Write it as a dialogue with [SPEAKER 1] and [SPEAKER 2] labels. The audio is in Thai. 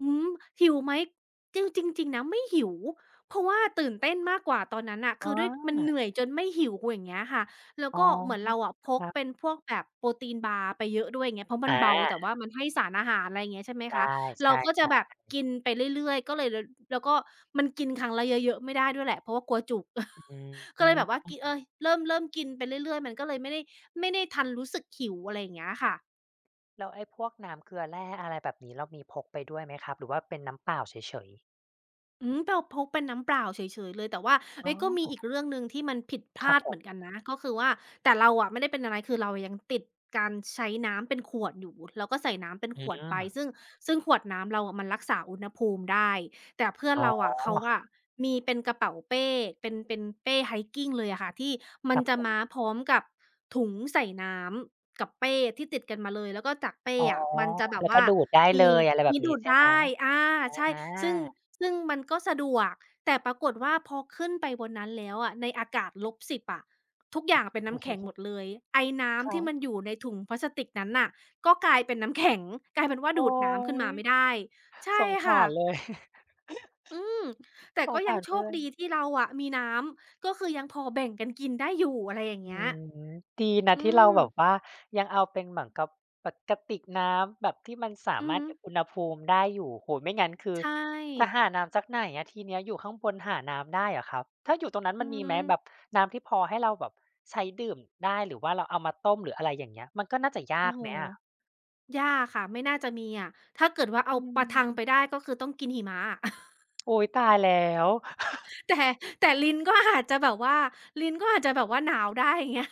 [SPEAKER 1] อืม หิวไหม จริง จริง จริงนะไม่หิว เพราะว่าตื่นเต้นมากกว่าตอนนั้นน่ะ ค
[SPEAKER 2] อ๋
[SPEAKER 1] ือด้วยมันเ
[SPEAKER 2] อ
[SPEAKER 1] หนื่อยจนไม่หิว อย่างเงี้ยค่ะ แล้ว
[SPEAKER 2] อ๋
[SPEAKER 1] ก
[SPEAKER 2] อ
[SPEAKER 1] ็เหมือนเราอะพ
[SPEAKER 2] ค
[SPEAKER 1] ก
[SPEAKER 2] รับ
[SPEAKER 1] เป็นพวกแบบโปรตีนบาร์ไปเยอะด้วย อย่างเงี้ย เพราะมั
[SPEAKER 2] อ
[SPEAKER 1] น
[SPEAKER 2] า
[SPEAKER 1] เบา แต่ว่ามันให้สารอาหาร ไรเงี้ย ใช่ไหม
[SPEAKER 2] ได
[SPEAKER 1] ค
[SPEAKER 2] ้
[SPEAKER 1] ะ เ
[SPEAKER 2] ใ
[SPEAKER 1] ราก็จ
[SPEAKER 2] ช
[SPEAKER 1] ะ
[SPEAKER 2] ่
[SPEAKER 1] แบบก
[SPEAKER 2] ๆ
[SPEAKER 1] ินไปเรื่อย ๆ ก็เลย แล้ว แล้วก็มันกินครั้งละเยอะ ๆ ไม่ได้ด้วยแหละ เพราะว่ากลัวจุก
[SPEAKER 2] อื
[SPEAKER 1] ก็เลยแบบว่ากิ เอ
[SPEAKER 2] ม
[SPEAKER 1] ๊ย เริ่ม เริ่มกินไปเรื่อย ๆ มันก็เลยไม่ได้ ไม่ได้ทันรู้สึกหิว อะไรเงี้ยค่ะ
[SPEAKER 2] แล้วไอ้พวกน้ำเกลือแร่ อะไรแบบนี้ เรามีพกไปด้วยไหมครับ หรือว่าเป็นน้ำเปล่าเฉย ๆ?
[SPEAKER 1] อืม เราพกเป็นน้ำเปล่าเฉย ๆ เลย แต่ว่า เ
[SPEAKER 2] อ
[SPEAKER 1] อ
[SPEAKER 2] ๋
[SPEAKER 1] ๊
[SPEAKER 2] อ
[SPEAKER 1] ย ก็มีอีกเรื่องหนึ่งที่มันผิดพ
[SPEAKER 2] ค
[SPEAKER 1] ล
[SPEAKER 2] รั
[SPEAKER 1] า
[SPEAKER 2] บ
[SPEAKER 1] ด
[SPEAKER 2] ผ
[SPEAKER 1] เหมือน
[SPEAKER 2] ม
[SPEAKER 1] กันนะ ก็คือว่า แต่เราอะไม่ได้เป็นอะไร คือเรายังติดการใช้น้ำเป็นขวดอยู่ เราก็ใส่น้ำเป็น
[SPEAKER 2] อื
[SPEAKER 1] ขวดไป
[SPEAKER 2] ม
[SPEAKER 1] ซึ่ง ซึ่งขวดน้ำเราอะมันรักษาอุณหภูมิได้ แต่เพื่อ
[SPEAKER 2] อ
[SPEAKER 1] น
[SPEAKER 2] ๋อ
[SPEAKER 1] เราอะเขา
[SPEAKER 2] ค
[SPEAKER 1] อ
[SPEAKER 2] รั
[SPEAKER 1] ะ
[SPEAKER 2] บ
[SPEAKER 1] มีเป็นกระเป๋าเป้ เป็น เป็นเป้ Hiking เลยอะค่ะ ที่มั
[SPEAKER 2] ค
[SPEAKER 1] น
[SPEAKER 2] รับ
[SPEAKER 1] จะ
[SPEAKER 2] ผม
[SPEAKER 1] มาพร้อมกับถุงใส่น้ำกับเป้ที่ติดกันมาเลย แล้วก็จากเป้
[SPEAKER 2] อ๋อ
[SPEAKER 1] อะมันจะแบ
[SPEAKER 2] แ
[SPEAKER 1] บ
[SPEAKER 2] ล้ว
[SPEAKER 1] ว
[SPEAKER 2] ก
[SPEAKER 1] ่
[SPEAKER 2] ็
[SPEAKER 1] า
[SPEAKER 2] ดูดได้
[SPEAKER 1] ม
[SPEAKER 2] เล
[SPEAKER 1] ี
[SPEAKER 2] ย อะไรแบ
[SPEAKER 1] มี
[SPEAKER 2] บ
[SPEAKER 1] ด
[SPEAKER 2] นี้
[SPEAKER 1] ูด
[SPEAKER 2] ใช่
[SPEAKER 1] ได
[SPEAKER 2] ไหม
[SPEAKER 1] ้ อา
[SPEAKER 2] อ
[SPEAKER 1] ใช่
[SPEAKER 2] อ
[SPEAKER 1] ซึ่ง
[SPEAKER 2] า
[SPEAKER 1] ซึ่งมันก็สะดวก แต่ปรากฏว่า พอขึ้นไปบนนั้นแล้วอะ ในอากาศ -10 อะ ทุกอย่างเป็นน้ำแข็งหมดเลย ไอน้
[SPEAKER 2] คร
[SPEAKER 1] ำท
[SPEAKER 2] ั
[SPEAKER 1] ี่
[SPEAKER 2] บ
[SPEAKER 1] มันอยู่ในถุงพลาสติกนั้นน่ะ ก็กลายเป็นน้ำ แข็ง กลายเป็นว่า
[SPEAKER 2] โอ
[SPEAKER 1] ด
[SPEAKER 2] ๊
[SPEAKER 1] ูดน้ำขึ้นม
[SPEAKER 2] ย
[SPEAKER 1] าไม่ได้ ใช
[SPEAKER 2] ส
[SPEAKER 1] ่
[SPEAKER 2] งส
[SPEAKER 1] ค
[SPEAKER 2] า
[SPEAKER 1] ่
[SPEAKER 2] ร
[SPEAKER 1] ะ
[SPEAKER 2] เลย
[SPEAKER 1] อืม แต่
[SPEAKER 2] ส
[SPEAKER 1] ก็
[SPEAKER 2] งส
[SPEAKER 1] ยัง
[SPEAKER 2] าร
[SPEAKER 1] โช
[SPEAKER 2] เพื
[SPEAKER 1] ค
[SPEAKER 2] ่อ
[SPEAKER 1] ดี
[SPEAKER 2] น
[SPEAKER 1] ที่เราอะมีน้ำ ก็คือยังพอแบ่งกันกินได้อยู่ อะไรอย่างเ
[SPEAKER 2] อ
[SPEAKER 1] ง
[SPEAKER 2] ื
[SPEAKER 1] ี้ย
[SPEAKER 2] ม ดีน
[SPEAKER 1] อ
[SPEAKER 2] ะ
[SPEAKER 1] ื
[SPEAKER 2] ที่เ
[SPEAKER 1] ม
[SPEAKER 2] ราแบบว่ายังเอาเป็นเหมือนกับปะ กระติกน้ำแบบที่มันสา
[SPEAKER 1] อื
[SPEAKER 2] ม
[SPEAKER 1] อ
[SPEAKER 2] าร
[SPEAKER 1] ฮ
[SPEAKER 2] ถเก็
[SPEAKER 1] ึ
[SPEAKER 2] บอุณหภูมิได้อยู่ โอ้โฮ ไม่งั้น คื
[SPEAKER 1] ใ
[SPEAKER 2] อ
[SPEAKER 1] ช
[SPEAKER 2] จะ
[SPEAKER 1] ่
[SPEAKER 2] หาน้ำจากไหนอะทีเนี้ย อยู่ข้างบนหาน้ำได้เหรอครับ? ถ้าอยู่ตรงนั้น
[SPEAKER 1] อื
[SPEAKER 2] มันมีไหมแบ
[SPEAKER 1] ม
[SPEAKER 2] บน้ำที่พอให้เราแบบใช้ดื่มได้ หรือว่าเราเอามาต้ม หรืออะไรอย่างเงี้ย มันก็น่าจะย
[SPEAKER 1] โอ
[SPEAKER 2] า
[SPEAKER 1] ้
[SPEAKER 2] ก
[SPEAKER 1] โฮ
[SPEAKER 2] ไหมอะ?
[SPEAKER 1] ยากค่ะ ไม่น่าจะมีอะ ถ้าเกิดว่า เอ
[SPEAKER 2] อ
[SPEAKER 1] าปะทัง
[SPEAKER 2] ื
[SPEAKER 1] ไ
[SPEAKER 2] ม
[SPEAKER 1] ปได้ ก็คือต้องกินหิมะอะ
[SPEAKER 2] โอ๊ย ตายแล้ว
[SPEAKER 1] แต่ แต่ลิ้นก็ อาจ จะแบบว่า ลิ้นก็อาจจะแบบว่า หนาวได้ อย่างเงี้ย